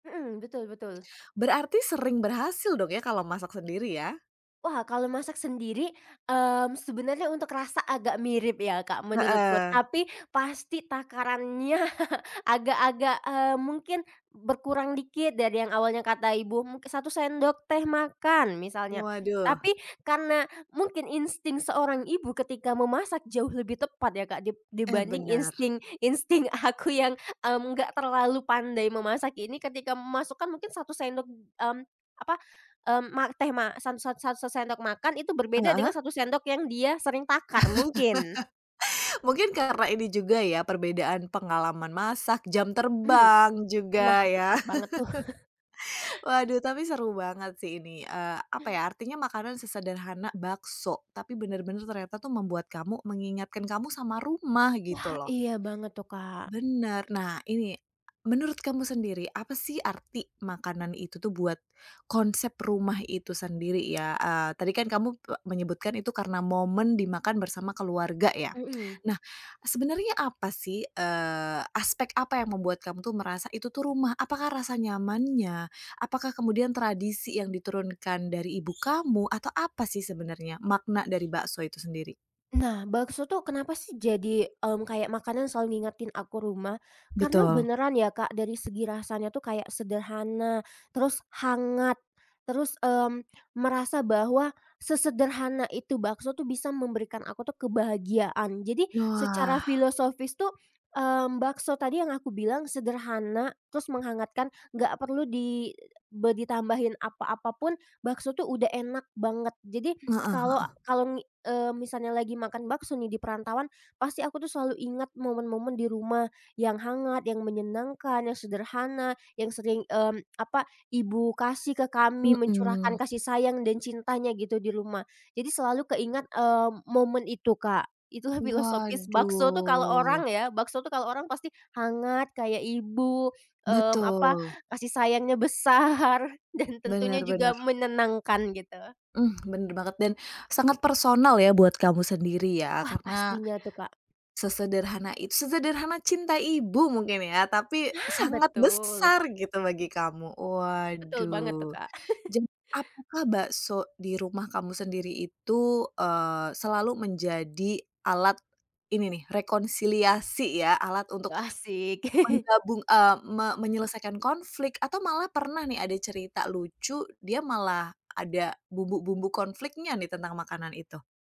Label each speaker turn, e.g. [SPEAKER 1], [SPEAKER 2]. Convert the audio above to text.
[SPEAKER 1] Mhm. Betul, betul.
[SPEAKER 2] Berarti sering berhasil dong ya, kalo masak sendiri, ya?
[SPEAKER 1] Wah, kalau masak sendiri mmm sebenarnya untuk rasa agak mirip ya Kak menurutku,
[SPEAKER 2] Heeh.
[SPEAKER 1] tapi pasti takarannya agak-agak eee mungkin berkurang dikit dari yang awalnya kata ibu 1 sendok teh makan misalnya.
[SPEAKER 2] Waduh.
[SPEAKER 1] Tapi, karena mungkin insting seorang ibu ketika memasak jauh lebih tepat ya Kak dib
[SPEAKER 2] Eh,
[SPEAKER 1] dibanding
[SPEAKER 2] benar.
[SPEAKER 1] insting insting aku yang mmm enggak terlalu pandai memasak ini ketika memasukkan mungkin 1 sendok mmm apa, mmm ma teh ma sat sat sat 1 sendok makan itu berbeda dengan
[SPEAKER 2] Heeh.
[SPEAKER 1] 1 sendok yang dia sering takar mungkin.
[SPEAKER 2] Mungkin karena ini juga ya, perbedaan pengalaman masak, jam
[SPEAKER 1] Mmm.
[SPEAKER 2] terbang,
[SPEAKER 1] Nah
[SPEAKER 2] juga ya.
[SPEAKER 1] tepat banget tuh.
[SPEAKER 2] Waduh, tapi seru banget sih ini, eee, apa ya, artinya makanan sesederhana bakso, tapi bener-bener ternyata tuh membuat kamu mengingatkan kamu sama rumah,
[SPEAKER 1] Wah,
[SPEAKER 2] gitu loh.
[SPEAKER 1] iya banget tuh Kak.
[SPEAKER 2] Bener. Nah, ini menurut kamu sendiri, apa sih arti makanan itu tuh buat konsep rumah itu sendiri ya, eee, tadi kan kamu menyebutkan itu karena momen dimakan bersama keluarga, ya.
[SPEAKER 1] Mhm.
[SPEAKER 2] Nah, sebenernya apa sih, eee, aspek apa yang membuat kamu tuh merasa itu tuh rumah? Apakah rasa nyamannya, apakah kemudian tradisi yang diturunkan dari ibu kamu, atau apa sih sebenarnya makna dari bakso itu sendiri?
[SPEAKER 1] Nah, bakso tuh kenapa sih jadi mmm kayak makanan selalu ngingetin aku rumah, karena
[SPEAKER 2] Betul.
[SPEAKER 1] beneran ya Kak dari segi rasanya tuh kayak sederhana, terus hangat, terus mmm merasa bahwa, sesederhana itu bakso tuh bisa memberikan aku tuh kebahagiaan. Jadi, secara
[SPEAKER 2] Wah.
[SPEAKER 1] filosofis tuh mmm bakso tadi yang aku bilang sederhana, terus menghangatkan, nggak perlu di be ditambahin apa-apapun, bakso tuh udah enak banget. Jadi
[SPEAKER 2] Heeh
[SPEAKER 1] kalau,
[SPEAKER 2] heeh.
[SPEAKER 1] kalau ngi eee misalnya lagi makan bakso nih di perantauan, pasti aku tuh selalu ingat momen-momen di rumah yang hangat, yang menyenangkan, yang sederhana, yang sering mmm apa, ibu kasih ke kami, mencurahkan
[SPEAKER 2] Mhm.
[SPEAKER 1] kasih sayang dan cintanya gitu di rumah. Jadi selalu keingat eee momen itu Kak. Itulah filosofis bakso tuh kalau
[SPEAKER 2] Waduh.
[SPEAKER 1] orang ya, bakso tuh kalau orang pasti hangat, kayak ibu mmm apa,
[SPEAKER 2] Betul.
[SPEAKER 1] kasih sayangnya besar dan tentunya
[SPEAKER 2] Bener
[SPEAKER 1] juga
[SPEAKER 2] bener.
[SPEAKER 1] menenangkan gitu.
[SPEAKER 2] Hmm, bener banget dan sangat personal ya buat kamu sendiri ya,
[SPEAKER 1] Wah,
[SPEAKER 2] karena,
[SPEAKER 1] pastinya tuh, Kak.
[SPEAKER 2] sesederhana it sesederhana cinta ibu mungkin ya, tapi
[SPEAKER 1] Nah,
[SPEAKER 2] sangat
[SPEAKER 1] betul.
[SPEAKER 2] besar gitu bagi kamu,
[SPEAKER 1] Betul banget tuh
[SPEAKER 2] waduh.
[SPEAKER 1] Kak.
[SPEAKER 2] Jem apakah bakso di rumah kamu sendiri itu, eee, selalu menjadi alat ini nih, rekonsiliasi ya, alat untuk,
[SPEAKER 1] Wah asyik.
[SPEAKER 2] menggabung eee, me
[SPEAKER 1] Iya.
[SPEAKER 2] menyelesaikan konflik atau malah pernah nih ada cerita lucu, dia malah ada bumbu-bumbu konfliknya nih tentang makanan itu?